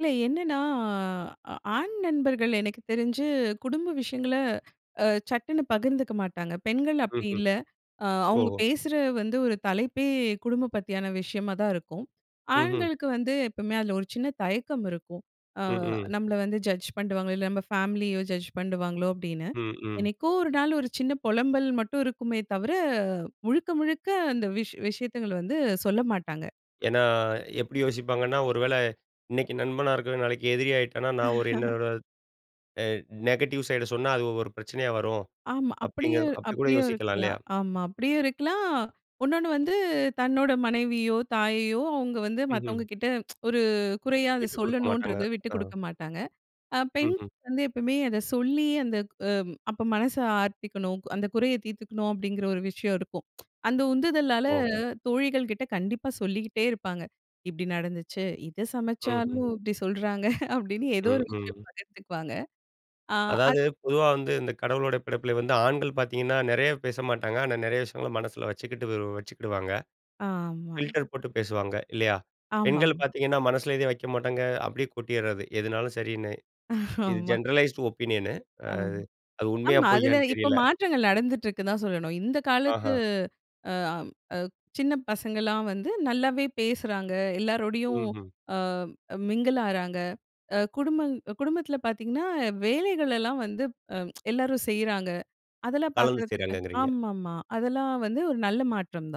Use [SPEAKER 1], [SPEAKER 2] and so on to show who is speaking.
[SPEAKER 1] இல்ல. என்னன்னா ஆண் நண்பர்கள் எனக்கு தெரிஞ்சு குடும்ப விஷயங்கள சட்டுன்னு பகிர்ந்துக்க மாட்டாங்க. பெண்கள் அப்படி
[SPEAKER 2] ம்ஹ்ம்.
[SPEAKER 1] இல்ல, அ அவங்க
[SPEAKER 2] ஓஹோ!
[SPEAKER 1] பேசுற வந்து, ஒரு தலைப்பே குடும்பம் பத்தியான விஷயமா தான் இருக்கும்.
[SPEAKER 2] ம்ஹூம்.
[SPEAKER 1] ஆண்களுக்கு வந்து எப்பவுமே அதில ஒரு சின்ன தயக்கம் இருக்கும். ஆ
[SPEAKER 2] ம்ஹும்.
[SPEAKER 1] நம்மள வந்து ஜட்ஜ் பண்றுவாங்களோ, இல்ல நம்ம ஃபேமிலியோ ஜட்ஜ் பண்றுவாங்களோ அப்படீன்னு.
[SPEAKER 2] ம்ஹும்.
[SPEAKER 1] என்னைக்கோ ஒரு நாள் ஒரு சின்ன பொலம்பல் மட்டும் இருக்குமே தவிர முழுக்க, முழுக்க அந்த விஷ் விஷயத்துங்கள வந்து சொல்ல மாட்டாங்க.
[SPEAKER 2] ஏனா, எப்படி யோசிப்பாங்கன்னா, ஒருவேள இன்னைக்கு நண்பனா இருக்கிறவன் நாளைக்கு எதிரி ஆயிட்டானா, நான் ஒரு என்னோட அ நெகட்டிவ் சைட் சொன்னா அது ஒரு பிரச்சனையா வரும்.
[SPEAKER 1] ஆமா.
[SPEAKER 2] அப்படிங்
[SPEAKER 1] அப்படியும்,
[SPEAKER 2] அப்படி கூட
[SPEAKER 1] அப்படியும்
[SPEAKER 2] யோசிக்கலா இல்லையா?
[SPEAKER 1] இருக்கலாம். ஆமா, அப்படியும் இருக்கலாம். இன்னொன்னு வந்து தன்னோட மனைவியோ, தாயையோ அவங்க வந்து மத்தவங்க
[SPEAKER 2] ம்ஹ்ம்.
[SPEAKER 1] கிட்ட ஒரு குறையா அத
[SPEAKER 2] விட்டு குடுக்க மாட்டாங்க.
[SPEAKER 1] சொல்லணுன்றத விட்டு
[SPEAKER 2] ஆ.
[SPEAKER 1] குடுக்க மாட்டாங்க. அ பெண்
[SPEAKER 2] ம்ஹ்ம்.
[SPEAKER 1] வந்து, எப்போவுமே அத சொல்லி அந்த அ அப்ப மனச ஆர்த்திக்கணும். அந்த குறைய தீர்த்துக்கணும். அப்படிங்கிற ஒரு விஷயம் இருக்கும். அந்த உந்துதலால
[SPEAKER 2] ஓ!
[SPEAKER 1] தோழிகள் கிட்ட கண்டிப்பா சொல்லிகிட்டே இருப்பாங்க. இப்படி நடந்துச்சு, இத
[SPEAKER 2] ம்ஹ்ம்.
[SPEAKER 1] சமைச்சாலும் இப்படி சொல்றாங்க. அப்படின்னு ஏதோ ஒரு
[SPEAKER 2] ம்ஹ்ம்.
[SPEAKER 1] விஷயம் பகிர்ந்துக்குவாங்க. ஆ, அது
[SPEAKER 2] அதாவது, பொதுவா வந்து இந்த கடவுளோட படைப்பில வந்து ஆண்கள் பாத்தீங்கன்னா, நெறைய பேச மாட்டாங்க. ஆனா, நெறைய விஷயங்கள மனசில வச்சுக்கிட்டு, வச்சுகிடுவாங்க.
[SPEAKER 1] ஆமா.
[SPEAKER 2] பில்டர் போட்டு பேசுவாங்க இல்லையா?
[SPEAKER 1] ஆமாம்.
[SPEAKER 2] பெண்கள் பாத்தீங்கன்னா, மனசுல எதுவும் வக்க மாட்டாங்க. அப்படியே கொட்டிறது எதுனாலும் சரின்னு. இது
[SPEAKER 1] ஆமா.
[SPEAKER 2] ஜெனரலைஸ்ட் ஒப்பீனியன்னு. அ
[SPEAKER 1] ஆம்,
[SPEAKER 2] அது உண்மையா,
[SPEAKER 1] ஆமா. அதில
[SPEAKER 2] பொய்யான்னு
[SPEAKER 1] இப்போ
[SPEAKER 2] தெரியல.
[SPEAKER 1] மாற்றங்கள் நடந்துட்டு இருக்குன்னு தான் சொல்லணும். இந்த காலத்து
[SPEAKER 2] அஹா.
[SPEAKER 1] ஆம் அ சின்ன பசங்கலாம் வந்து நல்லாவே பேசுறாங்க. எல்லாரோடையும்
[SPEAKER 2] ம்ஹும்.
[SPEAKER 1] ஆ மிங்கிள் ஆறாங்க. அ குடும்பம் குடும்பத்தில பாத்தீங்கன்னா, வேலைகளெல்லாம் வந்து அ எல்லாரும் செய்றாங்க. அதெல்லாம்
[SPEAKER 2] கலந்து
[SPEAKER 1] பாக்குறதுக்கு
[SPEAKER 2] செய்றாங்கங்கிறீங்க.
[SPEAKER 1] ஆமாம்மா, அதெல்லாம் வந்து ஒரு நல்ல மாற்றம் தான்.